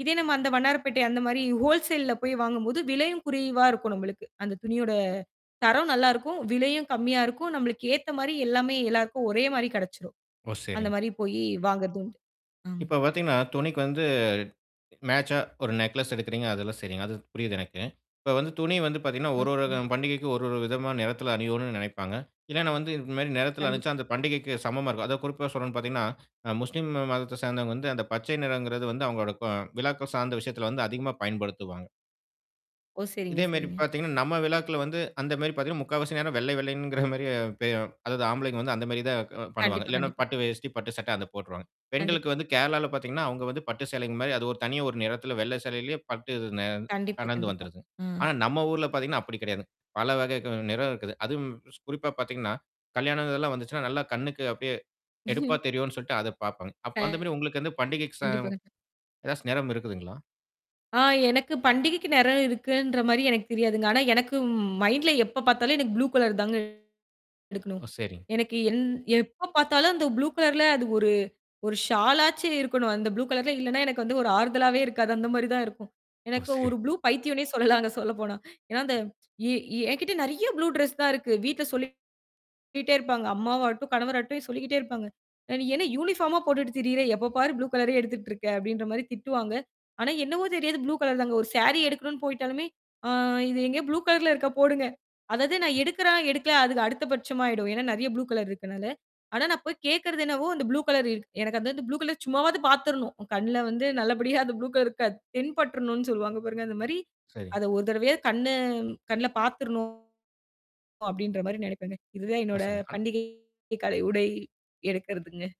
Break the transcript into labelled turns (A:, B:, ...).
A: இதே நம்ம அந்த வண்ணாரப்பேட்டை அந்தமாரி ஹோல்சேல்ல போய் வாங்கும் போது விலையும் குறைவா இருக்கும் நம்மளுக்கு. அந்தத் துணியோட தரம் நல்லா இருக்கும். விலையும் கம்மியா இருக்கும். நம்மளுக்கு ஏத்தமாரி எல்லாமே எல்லாருக்கும் ஒரேமாரி கிடைச்சுடும்.
B: ஓ! சரிங்க.
A: அந்தமாரி போய் வாங்குறதும் உண்டு. ஆ.
B: இப்ப பார்த்தீங்கன்னா, துணிக்கு வந்து மேச்சா ஒரு நேக்லஸ் எடுக்குறீங்க. அதெல்லாம் சரிங்க. அது புரியுது எனக்கு. இப்ப வந்து துணி வந்து பார்த்தீங்கன்னா ஒரு, ஒரு க
A: [unintelligible]
B: பண்டிகைக்கு ஒரு, ஒரு விதமான நிறத்துல அனியோனுன்னு நினைப்பாங்க. இல்லன்னா வந்து இந்தமாரி நிறத்துல அனிச்சா
A: கண்டிப்பா.
B: அந்தப் பண்டிகைக்குச் சமமா இருக்கும். அதான் குறிப்பா சொல்றேன் பார்த்தீங்கன்னா, அ முஸ்லிம் மதத்தைச் சேர்ந்தவங்க வந்து அந்தப் பச்சை நிறம்ங்கிறது வந்து அவுங்களோட க விழாக்கள் சார்ந்த விஷயத்துல வந்து அதிகமா பயன்படுத்துவாங்க.
A: ஓ! சரிங்க,
B: இதேமாரி
A: சரிங்க.
B: பார்த்தீங்கன்னா, நம்ம விழாக்கள் வந்து அந்தமாரி பார்த்தீங்கன்னா, முக்காவாசி நேரம் வெள்ளை, வெள்ளைங்கிற மாதிரியே, பே அதாவது ஆம்பளைங்க வந்து அந்த மாதிரிதான் க பண்ணுவாங்க.
A: கண்டிப்பா,
B: இல்லன்னா
A: கண்டிப்பா.
B: பட்டு வேட்டி, பட்டு சட்டை அதப் போட்ருவாங்க.
A: கண்டிப்
B: பெண்களுக்கு வந்து கேரளால பார்த்தீங்கன்னா, அவுங்க வந்து பட்டு சேலைங்க மாரி அது ஒரு தனியா ஒரு நிறத்துல வெள்ளை சேலையிலே பட்டுது நே
A: கண்டிப்பு
B: கலந்து
A: கண்டிப்பா.
B: வந்துருதுங்க.
A: ம்.
B: ஆனா நம்ம ஊர்ல பார்த்தீங்கன்னா, அப்பிடி கிடையாதுங்க. பல வகை க நிறம் இருக்குது. அதுவும் ஸ் குறிப்பா பார்த்தீங்கன்னா, கல்யாணம் இதெல்லாம் வந்துச்சுன்னா நல்லா கண்ணுக்கு அப்பிடியே எடுப்பா தெரியுன்னு சொல்லிட்டு அதப் பார்ப்பாங்க. அப்ப அந்தமாரி உங்களுக்குப்
A: [unintelligible]
B: பண்டிகைக்கு
A: கண்டிப்பா
B: சம்
A: கண்
B: ஏதாச்சும் நிறம் இருக்குதுங்களா?
A: ஆ. எனக்குப் பண்டிகைக்கு நேரம் இருக்குன்றமாரி எனக்கு தெரியாதுங்க. ஆனா, எனக்கு மைண்ட்ல எப்ப பார்த்தாலும் புளு கலர் தாங்க எடுக்கணும்.
B: ஓ! சரிங்க.
A: எனக்கு எந் எப்ப பார்த்தாலும் அந்த புளு கலர்ல அது ஒரு ஒரு ஷாலா ஆச்சு இருக்கணும். அந்த புலு கலர்ல இல்லன்னா எனக்கு வந்து ஒரு ஆறுதலாவே இருக்காது. அந்தமாரி தான் இருக்கும்.
B: ஓ!
A: எனக்கு
B: சரி.
A: ஒரு புளு பைத்தியோனே சொல்லலாங்க சொல்லப்போனா ஏன்னா அந்த ஏ என்கிட்ட நிறைய புளு ட்ரஸ் தான் இருக்கு. வீட்ல சொல்லிக்கிட்டே இருப்பாங்க. அம்மாவாட்டும், கணவாட்டும் சொல்லிக்கிட்டே இருப்பாங்க. அ "நீ என்ன யுனிஃபாம போட்டுட்டு திரியிற? எப்ப பாரு புளு கலரே எடுத்துட்டு இருக்க" அப்பிடின்றமாரி திட்டுவாங்க. ஆனா, என்னவோ தெரியாது, புளு கலர் தாங்க. ஒரு ஸேரி எடுக்கணுனு போயிட்டாலுமே அ இது எங்கயோ புளு கலர்ல இருக்க போடுங்க. அதாவது நான் எடுக்கிறேன், எடுக்கல அதுக்கு அடுத்த பட்சம் ஆயிடும். ஏன்னா நிறைய புளு கலர் இருக்கனால. ஆனா நான் போய்க் கேக்குறது என்னவோ அந்த புளு கலர் இரு எனக்கு அந்த புளு கலர் சும்மாவாவது பாத்துர்ணும். என் கண்ணுல வந்து நல்லபடியா அந்த புளு கலர் இருக்காது. தென்பட்ருணும் சொல்லுவாங்க பாருங்க. அந்தமாரி
B: சரி.
A: அத ஒரு தடவையாவது கண்ணு கண்ணுல பாத்துர்ணும் அப்பிடின்றமாரி நினைப்பேங்க. இது தான்
B: ஓ!
A: என்னோட
B: சரிங்க. அன்
A: பண்டிகை கால உடை எடுக்கிறதுங்க.